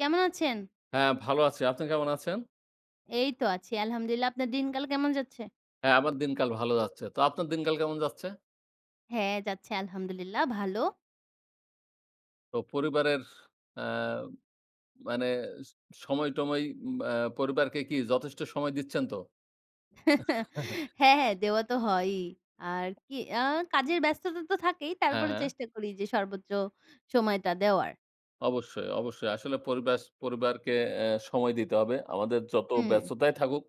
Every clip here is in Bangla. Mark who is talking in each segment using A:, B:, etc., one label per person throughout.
A: কেমন আছেন?
B: হ্যাঁ, ভালো আছি। আপনি কেমন আছেন?
A: এই তো আছি। আলহামদুলিল্লাহ আপনার দিন কাল কেমন যাচ্ছে?
B: হ্যাঁ, আমার দিনকাল ভালো যাচ্ছে। তো আপনার দিনকাল কেমন যাচ্ছে?
A: হ্যাঁ যাচ্ছে আলহামদুলিল্লাহ ভালো।
B: তো পরিবারের অ্যা মানে সময়-টময় আ পরিবারকে কি যথেষ্ট সময় দিচ্ছেন তো?
A: হ্যাঁ, হ্যাঁ দেওয়া তো হয়ই। আর কি আ কাজের ব্যস্ততা তো থাকেই।
B: হ্যাঁ,
A: তারপরে
B: হ্যাঁ।
A: চেষ্টা করি যে সর্বোচ্চ সময়টা দেওয়ার।
B: অবশ্যই, অবশ্যই। আসলে পরিবাস পরিবারকে অ্যা সময় দিতে হবে। আমাদের যত
A: হুম।
B: ব্যস্ততাই থাকুক,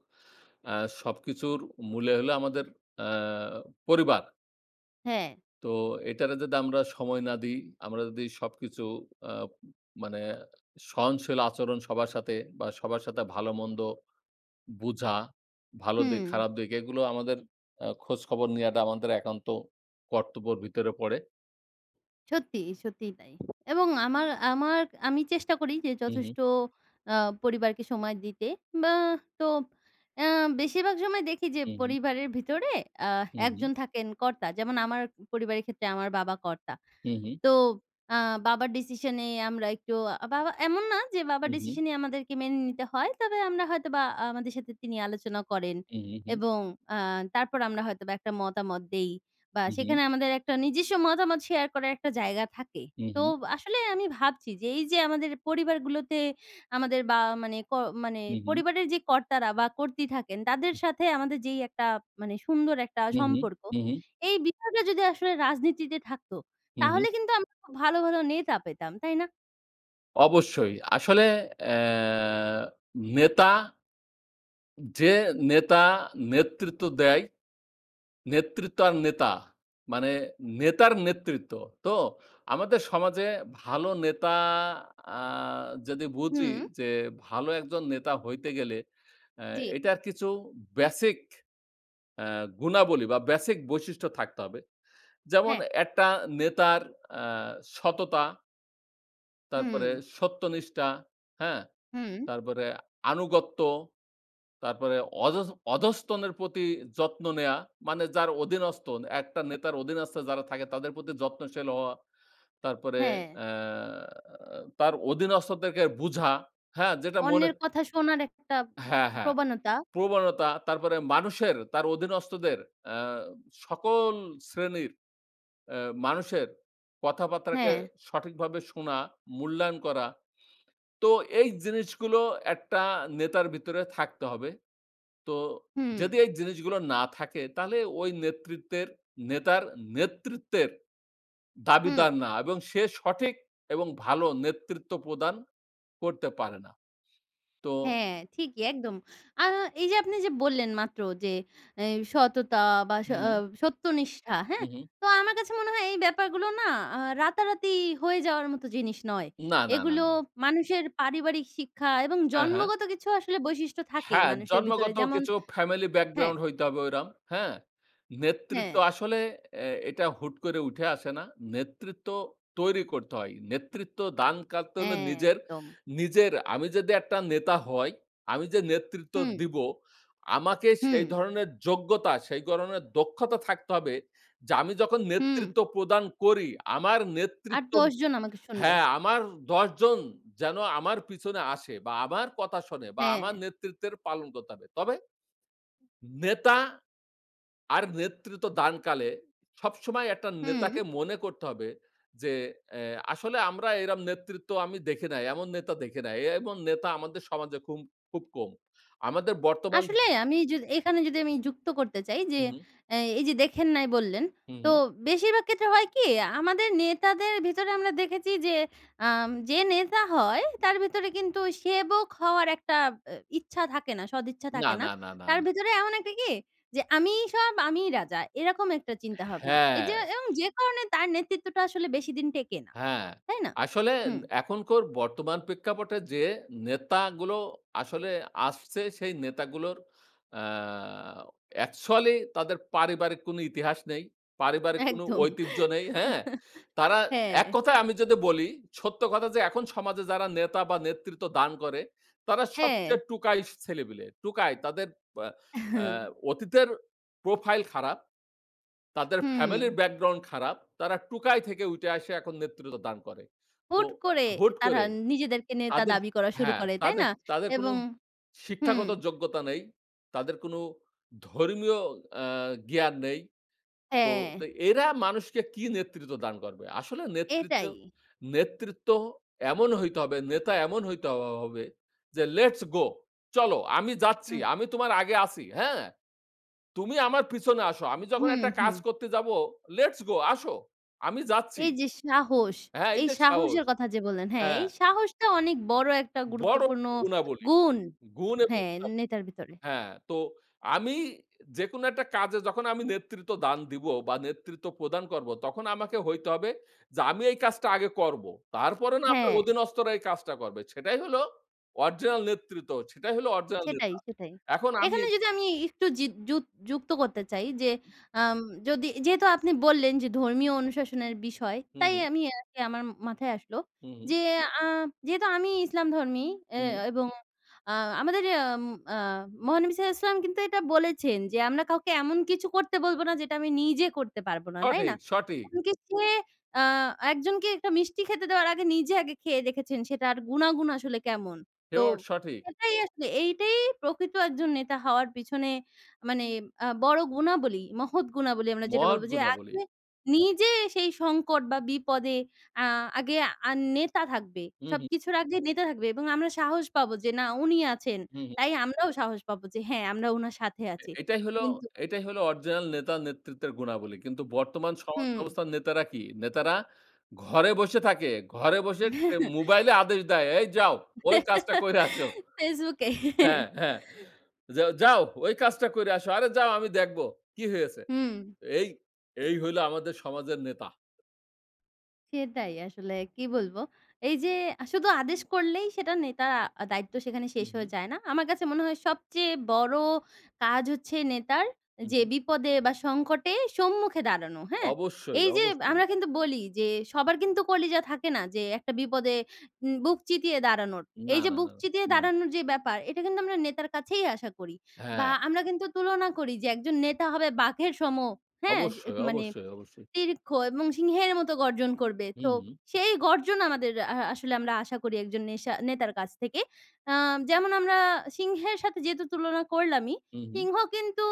B: আ সবকিছুর মূলে হলো আমাদের অ্যা পরিবার।
A: হ্যাঁ।
B: তো এটারে যদি আমরা সময় না দিই, আমরা যদি সবকিছু আব মানে সহনশীল আচরণ সবার সাথে বা সবার সাথে ভালোমন্দ বুঝা, ভালো দিক
A: হুম।
B: খারাপ দিক এগুলো আমাদের আ খোঁজখবর নেয়াটা আমাদের একান্ত কর্তব্যের ভিতরে পড়ে।
A: সত্যি, সত্যিই তাই। এবং আমার আমার, আমি চেষ্টা করি যে
B: হুম, হুম।
A: যথেষ্ট আ পরিবারকে সময় দিতে। বা তো আ বেশিরভাগ সময় দেখি যে
B: হুম, হুম।
A: পরিবারের ভিতরে আ
B: হুম, হুম।
A: একজন থাকেন কর্তা। যেমন আমার পরিবারের ক্ষেত্রে আমার বাবা কর্তা।
B: হুম, হুম।
A: তো আ বাবার decision এই আমরা একটু, বাবা এমন না যে বাবার
B: হুম, হুম।
A: decision ই আমাদেরকে মেনে নিতে হয়, তবে আমরা হয়তো বা আমাদের সাথে তিনি আলোচনা করেন।
B: হুম, হুম, হুম।
A: এবং আ তারপর আমরা হয়তো বা একটা মতামত দেই বা
B: হুম, হুম।
A: সেইখানে আমাদের একটা নিজস্ব মতামত শেয়ার করার একটা জায়গা থাকে।
B: হুম,
A: তো
B: হুম।
A: আসলে আমি ভাবছি যে এই যে আমাদের পরিবারগুলোতে আমাদের বা মানে ক মানে
B: হুম, হুম।
A: পরিবারের যে কর্তারা বা কর্ত্রী থাকেন, তাদের সাথে আমাদের যেই একটা মানে সুন্দর একটা
B: হুম, হুম,
A: সম্পর্ক,
B: হুম, হুম।
A: এই বিষয়টা যদি আসলে রাজনীতিতে থাকতো,
B: হুম, হুম।
A: তাহলে কিন্তু আমরা খুব ভালো ভালো নেতা পেতাম। তাই না?
B: অবশ্যই। আসলে অ্যা নেতা, যে নেতা, নেতৃত্ব দেয়, নেতৃত্ব আর নেতা মানে নেতার নেতৃত্ব। তো আমাদের সমাজে ভালো নেতা আ যদি বুঝি
A: হুম।
B: যে ভালো একজন নেতা হইতে গেলে এ
A: জ্বী।
B: এটার কিছু বেসিক অ্যা গুণাবলী বা, বেসিক বৈশিষ্ট্য থাকতে হবে। যেমন:
A: হ্যাঁ।
B: একটা নেতার অ্যা সততা তারপরে
A: হুম।
B: সত্যনিষ্ঠা, হ্যাঁ?
A: হুম।
B: তারপরে আনুগত্য, তারপরে অধ অধস্তন প্রতি যত্ন নেয়া মানে যার অধীনস্তন। একটা নেতার অধীনস্থ যারা থাকে তাদের প্রতি যত্নশীল হওয়া। তারপরে
A: হ্যাঁ।
B: অ্যাঁ তার অধীনস্থদেরকে বুঝা। হ্যাঁ? যেটা মনে
A: অন্যের কথা শোনার একটা
B: হ্যাঁ, হ্যাঁ।
A: প্রবণতা।
B: প্রবণতা তারপরে মানুষের, তার অধীনস্থদের অ্যা সকল শ্রেণীর এ মানুষের কথাবার্তাকে
A: হ্যাঁ।
B: সঠিকভাবে শোনা, মূল্যায়ন করা। তো এই জিনিসগুলো একটা নেতার ভিতরে থাকতে হবে। তো
A: হুম।
B: যদি এই জিনিসগুলো না থাকে, তাহলে ওই নেতৃত্বের নেতার নেতৃত্বের
A: হুম।
B: দাবিদার না। এবং সে সঠিক এবং ভালো নেতৃত্ব প্রদান করতে পারে না। তো
A: হ্যাঁ, ঠিকই একদম। আ এইযে আপনি যে বললেন মাত্র যে, এ "সততা বা, সা
B: হুম।
A: সত্যনিষ্ঠা," হ্যাঁ?
B: হুম, হুম।
A: তো আমার কাছে মনে হয় এই ব্যাপারগুলো না আ রাতারাতি হয়ে যাওয়ার মতো জিনিস নয়।
B: না, না, না,
A: এগুলো
B: না।
A: মানুষের পারিবারিক শিক্ষা এবং
B: হ্যাঁ, হ্যাঁ।
A: জন্মগত কিছু আসলে বৈশিষ্ট্য থাকে
B: হ্যাঁ,
A: মানুষের ভিতরে
B: জন্মগত
A: যেমন
B: কিছু ফ্যামিলি
A: হ্যাঁ।
B: ব্যাকগ্রাউন্ড হইতে হবে ওরকম হ্যাঁ? নেতৃত্ব
A: হ্যাঁ।
B: আসলে এ এটা হুট করে উঠে আসে না। নেতৃত্ব তৈরি করতে হয়। নেতৃত্ব দান কাটতে
A: অ্যা
B: হলে নিজের
A: একদম।
B: নিজের আমি যদি একটা নেতা হয়, আমি যে নেতৃত্ব
A: হুম।
B: দিবো আমাকে সেই
A: হুম।
B: ধরনের যোগ্যতা, সেই ধরনের দক্ষতা থাকতে হবে। যে আমি যখন
A: হুম।
B: নেতৃত্ব প্রদান করি, আমার
A: আর
B: নেতৃত্ব
A: ১০ জন আমাকে শুনবে।
B: হ্যাঁ, আমার ১০ জন যেন আমার পিছনে আসে বা, আমার কথা শোনে বা, আমার
A: হ্যাঁ।
B: নেতৃত্বের পালন করতে হবে। তবে নেতা আর নেতৃত্ব দান কালে সবসময় একটা
A: হুম।
B: নেতাকে মনে করতে হবে যে এ আসলে আমরা এরকম নেতৃত্ব আমি দেখি নাই, এমন নেতা দেখি নাই। এমন নেতা আমাদের সমাজে খুম খুব কম। আমাদের বর্তমান
A: আসলে আমি য এখানে যদি আমি যুক্ত করতে চাই যে,
B: হুম, হুম।
A: অ্যা এইযে দেখেন নাই বললেন।
B: হুম,
A: তো
B: হুম।
A: বেশিরভাগ ক্ষেত্রে হয় কি? আমাদের নেতাদের ভিতরে আমরা দেখেছি যে আম যে নেতা হয়, তার ভিতরে কিন্তু সেবক হওয়ার একটা এব এ ইচ্ছা থাকে না। সদিচ্ছা
B: না,
A: থাকে না।
B: না, না, না,
A: তার
B: না।
A: ভিতরে এমন একটা কি? যে আমিই সব। আমিই রাজা। এরকম একটা চিন্তা ভাবনা। এইযে
B: হ্যাঁ।
A: এবং যে কারণে তার নেতৃত্বটা আসলে বেশিদিন টেকে না।
B: হ্যাঁ,
A: তাই না?
B: আসলে এ
A: হুম।
B: এখনকার বর্তমান প্রেক্ষাপটে যে নেতাগুলো আসলে আসছে, সেই নেতাগুলোর আ অ্যাকচুয়ালি তাদের পারিবারিক কোন ইতিহাস নেই। পারিবারিক কোন
A: একদম,
B: ঐতিহ্য নেই, হ্যাঁ? তারা
A: হ্যাঁ।
B: এক কথায় আমি যদি বলি, সত্য কথা যে এখন সমাজে যারা নেতা বা, নেতৃত্ব দান করে তারা
A: হ্যাঁ।
B: সবচেয়ে টোকাই ছেলেপিলে, টোকাই। তাদের পা
A: আহ হু।
B: আ অতীতের প্রোফাইল খারাপ। তাদের
A: হুম।
B: ফ্যামিলি ব্যাকগ্রাউন্ড খারাপ। তারা টোকাই থেকে উঠে আসে এখন নেতৃত্ব দান করে। তো
A: হুট করে।
B: হুট
A: তারা
B: করে
A: নিজেদেরকে নিয়ে তা
B: তাদের
A: দাবি করা শুরু
B: হ্যাঁ,
A: করে। তাই
B: তাদের
A: না?
B: তাদের কোন
A: এবং হুম।
B: শিক্ষাগত যোগ্যতা নেই, তাদের কোন
A: হু।
B: ধর্মীয় অ্যা জ্ঞান নেই। তো
A: হ্যাঁ।
B: তে এরা মানুষকে কি নেতৃত্ব দান করবে? আসলে নেতৃত্ব
A: এটাই।
B: নেতৃত্ব এমন হইতে হবে, নেতা এমন হইতে হ হবে যে, lets go। চলো আমি যাচ্ছি,
A: হুম।
B: আমি তোমার আগে আছি। হ্যাঁ? তুমি আমার পিছনে আসো।
A: হু
B: আমি যখন
A: হুম,
B: একটা কাজ
A: হুম।
B: করতে যাব, lets go। আসো। আমি যাচ্ছি।
A: এই যে সাহস,
B: হ্যাঁ?
A: এই
B: এইযে সাহস
A: সাহসের কথা যে বললেন, হ্যাঁ
B: হ্যাঁ।
A: এই সাহসটা অনেক বড় একটা
B: বড়
A: গুরুত্বপূর্ণ
B: গুণাবলী।
A: গুণ,
B: গুণ এবং
A: হ্যাঁ?
B: গুণাবলী,
A: নেতার ভিতরে।
B: হ্যাঁ। তো আমি যেকোনো একটা কাজে যখন আমি নেতৃত্ব দান দিব বা, নেতৃত্ব প্রদান করবো, তখন আমাকে হইতে হবে যে আমি এই কাজটা আগে করবো। তারপরে না আমার
A: হ্যাঁ।
B: অধীনস্থরা এই কাজটা করবে। সেটাই হলো অরিজিনাল নেতৃত্ব। সেটাই হল অরিজিনাল
A: সেটাই,
B: নেতা।
A: সেটাই।
B: এখন আমি
A: এখানে যদি আমি একটু যিক যুক যুক্ত করতে চাই যে, আম যদি যেহেতু আপনি বললেন যে, "ধর্মীয় অনুশাসনের বিষয়।"
B: হুম,
A: তাই
B: হুম।
A: আমি আরকি আমার মাথায় আসলো
B: হুম, হুম।
A: যে আ যেহেতু আমি ইসলাম ধর্মী এ
B: হুম, হুম।
A: এবং আ আমাদের অ্যাম আ মহানবী সাল্লাল্লাহু আলাই সাল্লাম কিন্তু এটা বলেছেন যে, "আমরা কাউকে এমন কিছু করতে বলবো না যেটা আমি নিজে করতে পারব না।" তাই
B: সঠিক,
A: না?
B: সঠিক।
A: এমন কি সে আ একজনকে একটা মিষ্টি খেতে দেওয়ার আগে নিজে আগে খেয়ে দেখেছেন, সেটার গুণাগুণ আসলে কেমন? তো
B: হেওয়ার্ড সঠিক।
A: সেটাই আসলে এইটাই প্রকৃত একজন নেতা হওয়ার পিছনে মানে আ বড় গুণাবলী, মহৎ গুণাবলী। আমরা যেটা
B: মত
A: বলবো যে
B: গুণাবলি।
A: আগে নিজে সেই সংকট বা, বিপদে অ্যা আগে আ আর নেতা থাকবে
B: হুম, হুম।
A: সবকিছুর আগে নেতা থাকবে এবং আমরা সাহস পাবো যে, না, উনি আছেন।
B: হুম, হুম।
A: তাই আমরাও সাহস পাবো। যে, হ্যাঁ, আমরা ওনার সাথে
B: এ
A: আছি।
B: এটাই হলো
A: কিন্তু
B: এটাই হলো অরিজিনাল নেতা, নেতৃত্বের গুণাবলী। কিন্তু বর্তমান সমাজ
A: হুম।
B: ব্যবস্থার নেতারা কি? নেতারা ঘরে বসে থাকে, ঘরে বসে নে মোবাইলে আদেশ দেয়। "এই যাও, ওই কাজটা করে আসো।"
A: Facebook এ। হ্যাঁ।
B: হ্যাঁ, হ্যাঁ। যে, "যাও ওই কাজটা করে আসো। আরে যাও। আমি দেখবো। কি হয়েছে?"
A: হুম।
B: এই এই হল আমাদের সমাজের নেতা।
A: সেটাই আসলে। কি বলবো? এই যে, আ শুধু আদেশ করলেই সেটা নেতা, দায়িত্ব সেখানে
B: হু,
A: শেষ
B: হু।
A: হয়ে যায় না। আমার কাছে মনে হয় সবচেয়ে বড় কাজ হচ্ছে নেতার,
B: হু,
A: যে
B: হু।
A: বিপদে বা সংকটে সম্মুখে দাঁড়ানো। হ্যাঁ?
B: অবশ্যই,
A: এই যে
B: অবশ্যই।
A: আমরা কিন্তু বলি যে, সবার কিন্তু কলিজা থাকে না। যে একটা বিপদে উম বুক চিতিয়ে দাঁড়ানোর।
B: না,
A: এই যে
B: না,
A: বুক
B: না,
A: চিতিয়ে
B: না।
A: দাঁড়ানোর যে ব্যাপার, এটা কিন্তু আমরা নেতার কাছেই আশা করি। বা
B: হ্যাঁ।
A: আমরা কিন্তু তুলনা করি যে, একজন নেতা হবে বাঘের সম। হ্যাঁ?
B: অবশ্যই,
A: মানে
B: অবশ্যই, অবশ্যই।
A: দীর্ঘ এবং সিংহের মতো গর্জন করবে। তো
B: হুউ।
A: সেই গর্জন আমাদের আ আসলে আমরা আশা করি ১ জন নেশা নেতার কাছ থেকে। অ্যা যেমন আমরা সিংহের সাথে যেহেতু তুলনা করলামই।
B: হুঁ, হুঁ।
A: সিংহ কিন্তু,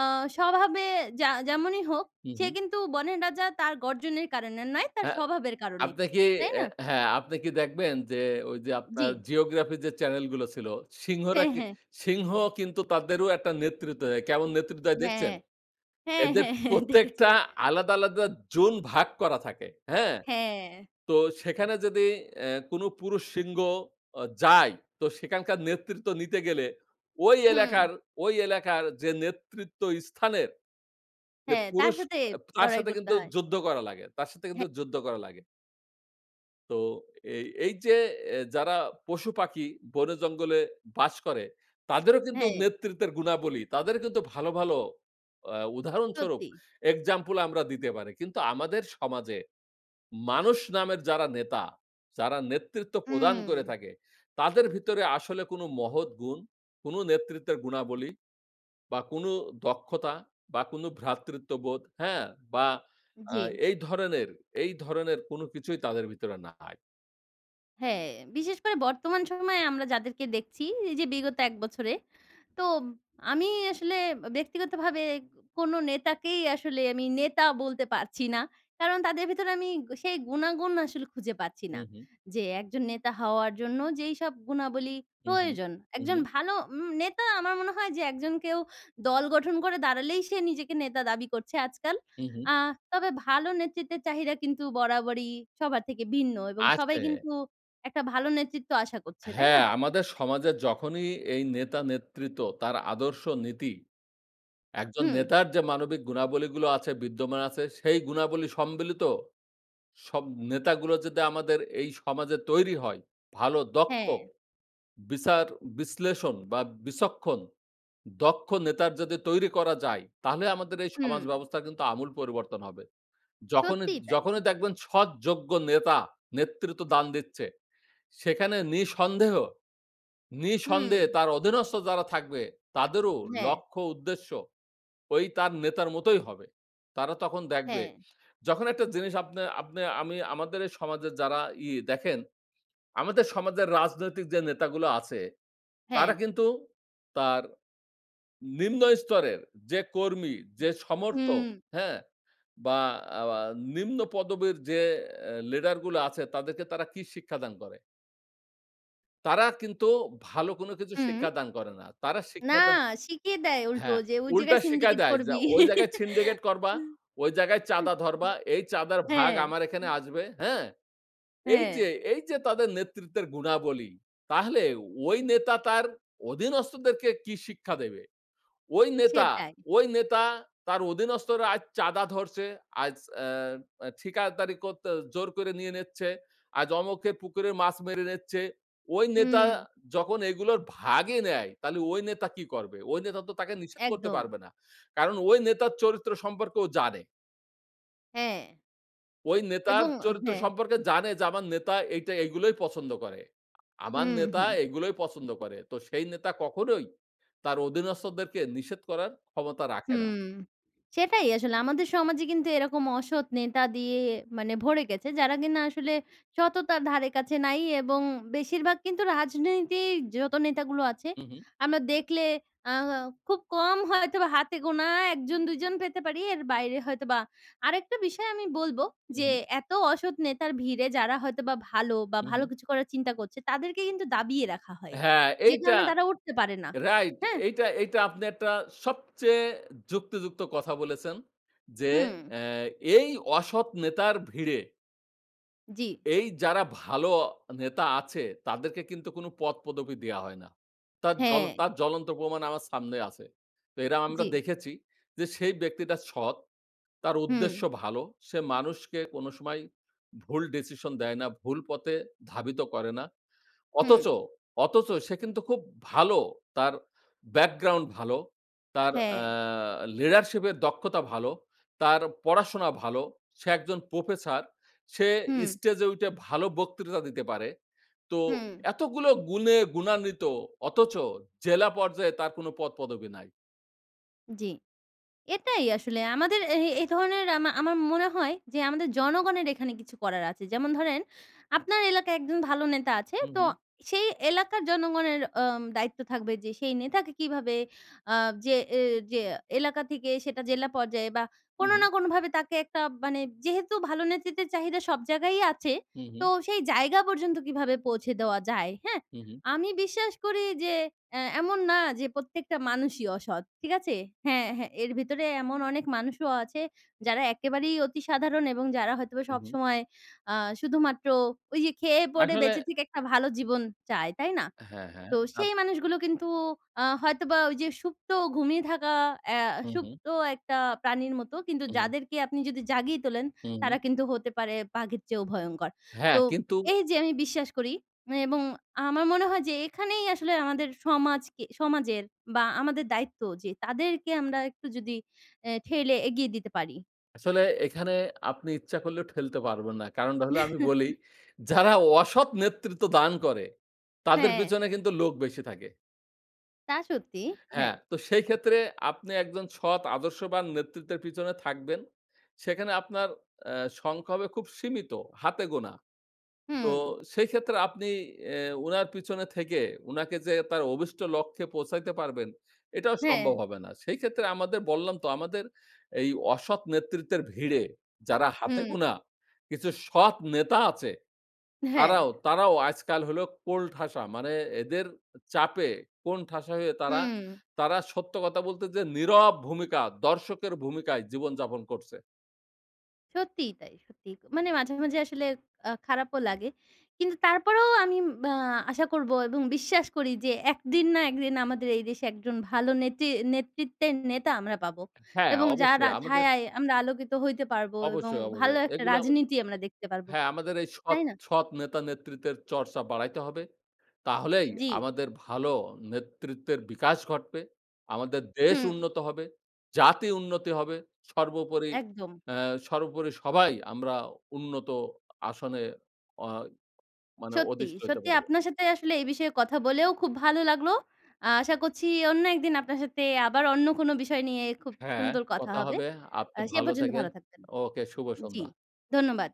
A: আ স্বভাবে যা যেমনই হোক
B: হুঁ,
A: সে
B: হুঁ।
A: কিন্তু, বনের রাজা তার গর্জনের কারণে নয়, তার
B: হ্যাঁ।
A: স্বভাবের কারণে।
B: আপনি কি?
A: তাই
B: অ্যা
A: না?
B: হ্যাঁ, আপনি কি দেখবেন? যে ওই যে, আপনার
A: জ্বী।
B: জিওগ্রাফি যে চ্যানেল গুলো ছিল। সিংহরা
A: হ্যাঁ,
B: কি
A: হ্যাঁ।
B: সিংহ কিন্তু তাদেরও একটা নেতৃত্ব দেয়। কেমন নেতৃত্ব দেয়
A: হ্যাঁ।
B: দেখছেন?
A: হ্যাঁ,
B: এদের
A: হ্যাঁ, হ্যাঁ, দেখেছি।
B: প্রত্যেকটা আলাদা, আলাদা জোন ভাগ করা থাকে। হ্যাঁ?
A: হ্যাঁ।
B: তো সেখানে যদি অ্যা কোন পুরুষ সিংহ যায়, তো সেখানকার নেতৃত্ব নিতে গেলে। ঐ এলাকার
A: হুম।
B: ঐ এলাকার যে নেতৃত্ব স্থানের যে
A: হ্যাঁ। তার
B: পুরুষ,
A: সাথে
B: তার
A: লড়াই
B: সাথে
A: করতে
B: কিন্তু
A: হয়।
B: যুদ্ধ করা লাগে। তার সাথে
A: হ্যাঁ।
B: কিন্তু যুদ্ধ করা লাগে। তো, এই এই যে অ্যা যারা পশুপাখি বনে জঙ্গলে বাস করে। তাদেরও কিন্তু
A: হ্যাঁ।
B: নেতৃত্বের গুণাবলী, তাদেরও কিন্তু ভালো, ভালো আ উদাহরণস্বরূপ
A: সত্যি।
B: এক্সাম্পল আমরা দিতে পারি। কিন্তু আমাদের সমাজে, মানুষ নামের যারা নেতা যারা নেতৃত্ব প্রদান করে
A: হুম।
B: থাকে, তাদের ভিতরে আসলে কোনো মহৎ গুণ, কোনো নেতৃত্বের গুণাবলী, বা কোনো দক্ষতা বা কোনো ভ্রাতৃত্ববোধ, হ্যাঁ? বা আ
A: জি।
B: এই ধরনের, এই ধরনের কোনো কিছুই তাদের ভিতরে নাই।
A: হ্যাঁ, বিশেষ করে বর্তমান সময়ে আমরা যাদেরকে দেখছি। এই যে বিগত ১ বছরে। তো আমি আসলে ব্যক্তিগতভাবে কোনো নেতাকেই আসলে আমি নেতা বলতে পারছি না। কারণ তাদের ভিতরে আমি সেই গুনাগুন আসলে খুঁজে পাচ্ছি না।
B: হুম, হুম।
A: যে একজন নেতা হওয়ার জন্য যেইসব গুণাবলী
B: হুম, হুম।
A: প্রয়োজন।
B: হুম,
A: একজন
B: হুম।
A: ভালো উম নেতা আমার মনে হয় যে একজন কেউ, দল গঠন করে দাঁড়ালেই সে নিজেকে নেতা দাবি করছে আজকাল।
B: হুম, হুম।
A: আ তবে ভালো নেতৃত্বের চাহিদা কিন্তু বরাবরই সবার থেকে ভিন্ন এবং সবাই
B: আছে।
A: কিন্তু একটা ভালো নেতৃত্ব আশা করছে। তাই
B: হ্যাঁ,
A: না?
B: আমাদের সমাজে যখনই এই নেতা-নেতৃত্ব তার আদর্শ, নীতি একজন
A: হুম।
B: নেতার যে মানবিক গুণাবলী গুলো আছে বিদ্যমান আছে। সেই গুণাবলী সম্মিলিত সব নেতাগুলো যদি আমাদের এই সমাজে তৈরী হয়। ভালো দক্ষ,
A: হ্যাঁ।
B: বিচার-বিশ্লেষণ বা বিচক্ষণ, দক্ষ নেতার যদি তৈরি করা যায় তাহলে আমাদের এই
A: হুম।
B: সমাজ ব্যবস্থার কিন্তু আমূল পরিবর্তন হবে। যখনই
A: সত্যিই তাই,
B: যখনই
A: সত্যি।
B: দেখবেন সৎ, যোগ্য নেতা নেতৃত্ব দান দিচ্ছে। সেখানে নিঃসন্দেহ নিঃসন্দেহে
A: হুম।
B: তার অধীনস্থ যারা থাকবে তাদেরও
A: হ্যাঁ।
B: লক্ষ্য উদ্দেশ্য ঐ তার নেতার মতোই হবে। তারা তখন দেখবে,
A: হ্যাঁ।
B: যখন একটা জিনিস আপনে আপনে আমি আমাদের এই সমাজের যারা ই দেখেন, আমাদের সমাজের রাজনৈতিক যে নেতাগুলা আছে তারা
A: হ্যাঁ।
B: কিন্তু তার নিম্ন স্তরের যে কর্মী, যে সমর্থক,
A: হুম।
B: হ্যাঁ? বা আওয়া নিম্ন পদবীর যে অ্যা লিডারগুলো আছে তাদেরকে তারা কি শিক্ষা দান করে? তারা কিন্তু ভালো কোন কিছু
A: হুম।
B: শিক্ষা দান করে না। তারা
A: না,
B: শিক্ষা দান
A: শিখিয়ে দেয় উল্টো
B: হ্যাঁ,
A: যে, ওই
B: উল্টা
A: জায়গায়
B: শিখায়
A: সিন্ডিকেট
B: দেয় যে
A: করবি।
B: ওই জায়গায় সিন্ডিকেট করবা, ওই জায়গায় চাঁদা ধরবা, এই চাঁদার ভাগ
A: হ্যাঁ, হ্যাঁ।
B: আমার এখানে আসবে, হ্যাঁ? এই যে,
A: হ্যাঁ।
B: এই যে তাদের নেতৃত্বের গুণাবলী, তাহলে ওই নেতা তার অধীনস্থদেরকে কি শিক্ষা দেবে? ওই নেতা,
A: সেটাই।
B: ওই নেতা তার অধীনস্থরা আজ চাঁদা ধরছে, আজ আ আ ঠিকাদারি করতে জোর করে নিয়ে নিচ্ছে। আজ অমুকের পুকুরে মাছ মেরে নিচ্ছে। ওই নেতা
A: হুম।
B: যখন এগুলোর ভাগই নেয়, তাহলে ওই নেতা কি করবে? ওই নেতা তো তাকে নিষেধ করতে
A: একদম।
B: পারবে না। কারণ ওই নেতার চরিত্র সম্পর্কেও জানে।
A: হ্যাঁ।
B: ওই নেতার
A: এবং
B: চরিত্র
A: হ্যাঁ।
B: সম্পর্কে জানে যে, আমার নেতা এইটা এইগুলোই পছন্দ করে। আমার
A: হুম,
B: নেতা
A: হুম।
B: এগুলোই পছন্দ করে। তো সেই নেতা কখনোই তার অধীনস্থদেরকে নিষেধ করার ক্ষমতা রাখে না।
A: হুম। সেটাই আসলে আমাদের সমাজে কিন্তু এরকম অসৎ নেতা দিয়ে, মানে ভরে গেছে, যারা কিনা আসলে সততার ধারে কাছে নাই এবং বেশিরভাগ কিন্তু রাজনীতির যত নেতাগুলো আছে,
B: হুম, হুম।
A: আমরা দেখলে আ খুব কম হয়তোবা হাতে গোনা ১ জন, ২ জন পেতে পারি, এর বাইরে হয়তো বা, আরেকটা বিষয় আমি বলব
B: হুম,
A: যে,
B: হুম।
A: এত অসৎ নেতার ভিড়ে, যারা হয়তো বা ভালো বা
B: হুম,
A: ভালো
B: হুম।
A: কিছু করার চিন্তা করছে, তাদেরকে কিন্তু দাবিয়ে রাখা হয়।
B: হ্যাঁ,
A: যে
B: এইটা
A: কারণে তারা উঠতে পারে না।
B: রাইট।
A: হ্যাঁ?
B: এইটা, এইটা আপনি একটা সবচেয়ে যুক্তি-যুক্ত কথা বলেছেন যে,
A: হুম।
B: অ্যা এই অসৎ নেতার ভিড়ে
A: জি।
B: এই যারা ভালো নেতা আছে, তাদেরকে কিন্তু কোনো পদ-পদবি দেওয়া হয় না। তার জ্বল
A: হ্যাঁ।
B: তার জ্বলন্ত প্রমাণ আমার সামনে আছে। তো এরা আমরা
A: জি।
B: দেখেছি যে সেই ব্যক্তিটা সৎ, তার উদ্দেশ্য
A: হুম।
B: ভালো, সে মানুষকে কোনো সময় ভুল decision দেয় না, ভুল পথে ধাবিত করে না।
A: হুম।
B: অথচ, অথচ সে কিন্তু খুব ভালো। তার background ভালো। তার অ্যা
A: হ্যাঁ।
B: leadership এর দক্ষতা ভালো। তার পড়াশোনা ভালো। সে একজন প্রফেসর। সে
A: হুম।
B: স্টেজে উইঠে ভালো বক্তৃতা দিতে পারে। তো
A: হুম।
B: এতগুলো গুণে গুণান্বিত অথচ জেলা পর্যায়ে তার কোনো পদ-পদবি নাই।
A: জি। এটাই আসলে। আমাদের এ এই ধরনের আমা আমার মনে হয় যে আমাদের জনগণের এখানে কিছু করার আছে। যেমন ধরেন, আপনার এলাকায় একজন ভালো নেতা আছে।
B: হুম,
A: তো
B: হুম।
A: সেই এলাকার জনগণের আম দায়িত্ব থাকবে যে সেই নেতাকে কীভাবে আ যে এ যে এলাকা থেকেই সেটা জেলা পর্যায়ে বা কোনো না
B: হুম।
A: কোনো ভাবে তাকে একটা মানে, যেহেতু ভালো নেতৃত্বের চাহিদা সব জায়গায়ই আছে,
B: হুম,
A: তো
B: হুম।
A: সেই জায়গা পর্যন্ত কীভাবে পৌঁছে দেওয়া যায়? হ্যাঁ?
B: হুম, হুম।
A: আমি বিশ্বাস করি যে অ্যা এমন না যে প্রত্যেকটা মানুষই অসৎ। ঠিক আছে? হ্যাঁ, হ্যাঁ। এর ভিতরেই এমন অনেক মানুষও আছে, যারা একেবারেই অতি সাধারণ এবং যারা হয়তোবা
B: হুম, হুম।
A: সবসময় আ শুধুমাত্র ঐ যে খেয়ে, পড়ে
B: আসলে
A: বেঁচে থেকে একটা ভালো জীবন চায়। তাই না?
B: হ্যাঁ, হ্যাঁ,
A: তো
B: আপ
A: সেই মানুষগুলো কিন্তু আ হয়তোবা ঐ যে সুপ্ত, ঘুমিয়ে থাকা অ্যা
B: হুম, হুম।
A: সুপ্ত একটা প্রাণীর মতো। কিন্তু
B: হুম, হুম।
A: যাদেরকে আপনি যদি জাগিয়ে তোলেন,
B: হুম।
A: তারা কিন্তু হতে পারে বাঘের চেয়েও ভয়ংকর।
B: হ্যাঁ,
A: তো
B: কিন্তু
A: এই যে আমি বিশ্বাস করি এবং আমার মনে হয় যে এখানেই আসলে আমাদের সমাজকে, সমাজের বা আমাদের দায়িত্ব যে তাদেরকে আমরা একটু যদি অ্যা ঠেলে এগিয়ে দিতে পারি।
B: আসলে এখানে, আপনি ইচ্ছা করলেও ঠেলতে পারবেন না। কারণটা হলো আমি বলি, যারা অসৎ নেতৃত্ব দান করে, তাদের
A: হ্যাঁ।
B: পেছনে কিন্তু লোক বেশি থাকে।
A: তা সত্যি,
B: হ্যাঁ।
A: হ্যাঁ।
B: তো সেই ক্ষেত্রে আপনি একজন সৎ, আদর্শবান নেতৃত্বের পিছনে থাকবেন, সেখানে আপনার এ্যা সংখ্যা হবে খুব সীমিত, হাতে গোনা। তো
A: হুম।
B: সেই ক্ষেত্রে আপনি এ উনার পিছনে থেকে, উনাকে যে তার অভিষ্ট লক্ষ্যে পৌঁছাইতে পারবেন, এটাও
A: হ্যাঁ।
B: সম্ভব হবে না। সেই ক্ষেত্রে আমাদের, বললাম তো, আমাদের এই অসৎ নেতৃত্বের ভিড়ে যারা হাতে
A: হুম।
B: গুনা কিছু সৎ নেতা আছে,
A: হ্যাঁ।
B: তারাও তারাও আইজকাল হল কোণঠাসা। মানে এদের চাপে কোণঠাসা হয়ে তারা,
A: হু।
B: তারা সত্য কথা বলতে যেয়ে নীরব ভূমিকা, দর্শকের ভূমিকায় জীবন যাপন করছে।
A: সত্যিই তাই, সত্যিই। মানে মাঝে, মাঝে আসলে আ খারাপও লাগে। কিন্তু তারপরেও আমি অ্যা আশা করবো এবং বিশ্বাস করি যে ১ দিন না ১ দিন আমাদের এই দেশে একজন ভালো নেতি নেতৃত্বের নেতা আমরা পাবো
B: হ্যাঁ,
A: এবং
B: অবশ্যই।
A: যারা
B: আমাদের
A: ছায়ায় আমরা আলোকিত হইতে পারবো এবং
B: অবশ্যই,
A: ভালো
B: অবশ্যই।
A: একটা
B: এগুলো হচ্ছে
A: রাজনীতি আমরা দেখতে পারবো।
B: হ্যাঁ, আমাদের এই সৎ,
A: তাই না?
B: সৎ নেতা নেতৃত্বের চর্চা বাড়াইতে হবে। তাহলেই
A: জি।
B: আমাদের ভালো নেতৃত্বের বিকাশ ঘটবে। আমাদের দেশ
A: হুম।
B: উন্নত হবে, জাতি উন্নতি হবে। সর্বোপরি,
A: একদম।
B: এ সর্বোপরি সবাই আমরা উন্নত আসনে, অ্যা মানে
A: সত্যি,
B: অধিষ্ট হতে
A: সত্যি
B: পারব।
A: আপনার সাথে আসলে এই বিষয়ে কথা বলেও খুব ভালো লাগলো। আশা করছি অন্য একদিন আপনার সাথে আবার অন্য কোন বিষয় নিয়ে খুব
B: হ্যাঁ,
A: সুন্দর কথা
B: কথা
A: হবে।
B: হবে।
A: আ
B: আপনি
A: সে
B: ভালো
A: পর্যন্ত
B: থাইকেন।
A: ভালো থাকবেন।
B: ওকে, শুভ
A: জি,
B: সন্ধ্যা।
A: ধন্যবাদ।